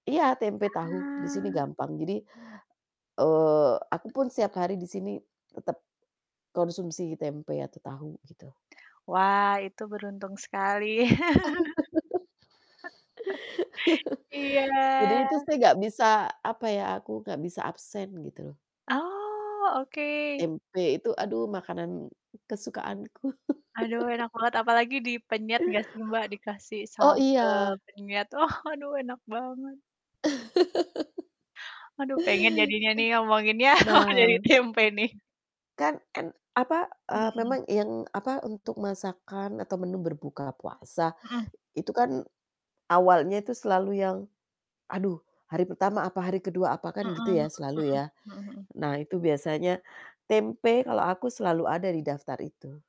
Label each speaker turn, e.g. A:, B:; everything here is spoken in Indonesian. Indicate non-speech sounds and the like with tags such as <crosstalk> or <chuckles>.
A: Iya, tempe, tahu, di sini
B: Wah.
A: gampang. Jadi, eee, aku pun setiap hari di sini tetep konsumsi tempe atau tahu, gitu.
B: Wah, itu beruntung sekali. <laughs> Iya.
A: <laughs> Jadi itu saya enggak bisa apa ya, aku enggak bisa absen, gitu loh.
B: Oh, oke.
A: Tempe itu, aduh, makanan kesukaanku.
B: Aduh, enak
A: <chuckles>
B: banget, apalagi dipenyet enggak sih, Mbak, dikasih
A: Oh,
B: sambel
A: iya.
B: penyet, wah, aduh enak banget.
A: <laughs>
B: Aduh, pengen jadinya nih, ngomonginnya, wah,
A: Nah
B: jadi tempe nih.
A: <clears throat> Kan kan apa, eee,
B: Mhm.
A: memang yang apa, untuk masakan atau menu berbuka puasa,
B: Heeh.
A: itu kan awalnya itu selalu yang, aduh, hari pertama apa, hari ke-2 apa,
B: Mhm
A: kan gitu
B: mhm
A: ya,
B: mhm.
A: selalu ya.
B: Mhm mhm.
A: Nah, itu biasanya tempe kalau aku selalu ada di daftar itu.